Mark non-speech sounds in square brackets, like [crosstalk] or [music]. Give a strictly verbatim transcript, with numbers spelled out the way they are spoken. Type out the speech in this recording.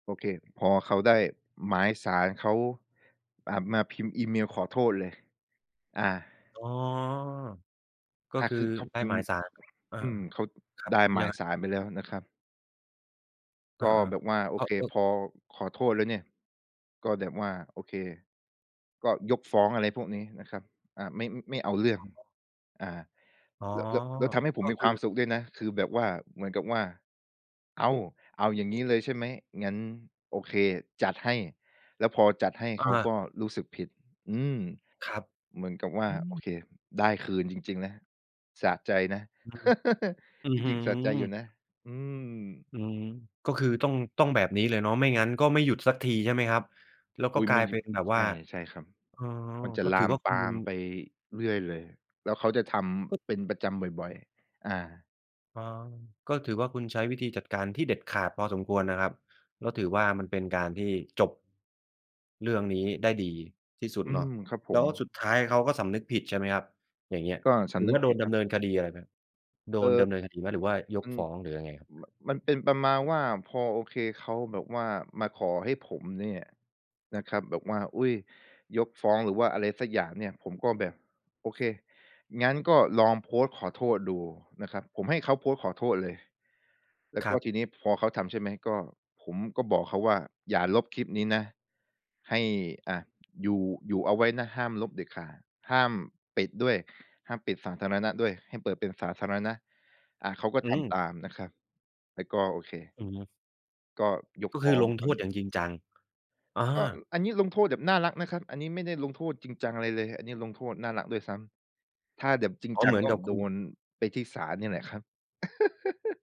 โอเค พอเขาได้หมายศาลเขา อ่า มาพิมพ์อีเมลขอโทษเลย อา อ๋อ ก็อา คืคอือเขาไดพ้ิมหมพ์ ายศาล อา อืม เขา ๆ ครัไบ ด้หมยัางยไง? ศาลไปแล้วนะครับ อกา ็แบบว่า โอๆ ก็ เค ก็ พอ ขอโทษแล้วเนี่ย ก็แบบว่า โอเค ก็ยกฟ้อง อะไรพวกนี้นะครับ อา ไม่ อ ไม่เอาเรื่ออง ๋อ อา อ๋อ แล้ว แล้ว แล้วทำให้ผกม็มีคคืวาอ มสุขด้วยนะ คือแบบว่า เหมือนกับว่า อ้าว เอาอย่างงี้เลยใช่ไหม งั้นโอเค จัดให้ แล้วพอจัดให้อเขากา ็รู้สึกผิด อืม ครับ เหมือนกับว่อา ืโอม เค ได้คืนจริง ๆ นะ สะใจนะ อืม [chuckles] อื้อจฮืริอ ง ๆ สะใจอยู่นะ อืม อืม ก็คือต้อง ต้องแบบนี้เลยเนาะ ไม่งั้นก็ไม่หยุดสักทีใช่ไหมครับ? แล้วอก็ุ๊ย กไมลา่ยอเยปู็่ นแบบวใช่า ่ ใช่ครับ อ๋อ มันจะก็ลถืาอมว่าคปุณ ามไปเรื่อยเลย แล้วเขาจะทก็ ำเป็นประจำบ่อย ๆ อา อ๋อ ก็ถือว่าคุณใช้วิธีจัดการที่เด็ดขาดพอสมควรนะครับ ก็ถือว่ามันเป็นการที่ จบ เรื่องนี้ได้ดีที่สุดอืเนาะ ม ครับผแล้ม วสุดท้ายเขาก็สำนึกผิดใช่ไหมครับ อย่างเงี้ย ก็สหรืำอนึว่กาโดผินดดเนาำะ เนินคดีอะไรไหม โดเอ่นอ ดำเนินคดีไหม หรือว่ายอกืฟม ้อง หรือยังไงครับ? ม มันเป็นประมาณว่า พอ โอเค เขาแบบว่ามาขอให้ผมเนี่ยนะครับ แบบว่า อุ๊ย ยกฟ้อง หรือว่าอะไรสักอย่างเนี่ย ผมก็แบบ โอเค งั้นก็ลองโพสต์ขอโทษดูนะครับ ผมให้เขาโพสต์ขอโทษเลย แล้วคกร็ับ ทีนี้พอเขาทำใช่ไหม ก็ ผมก็บอกเขาว่าอย่าลบคลิปนี้นะ ให้ อา อยู่ อยู่เอาไว้นะห้ามลบเด็ดขาด ห้ามปิดด้วย ห้ามปิดสาธารณะด้วย ให้เปิดเป็นสาธารณะ อา เขาก็อืทำม ตามนะครับ แล้วก็โอเค อือฮึ ก็ยกก็ฟคื้ออลงงครโทาวนษีอ้ ย่างจริงจัง อา ก็อันนี้ลงโทษแบบน่ารักนะครับ อันนี้ไม่ได้ลงโทษจริงจังอะไรเลย อันนี้ลงโทษน่ารักด้วยซ้ำ ถ้าแดบ จริงอ๋อ จัเหงมือกน็กับคโดุณ นไปที่ศาลนี่แหละครับ [chuckles]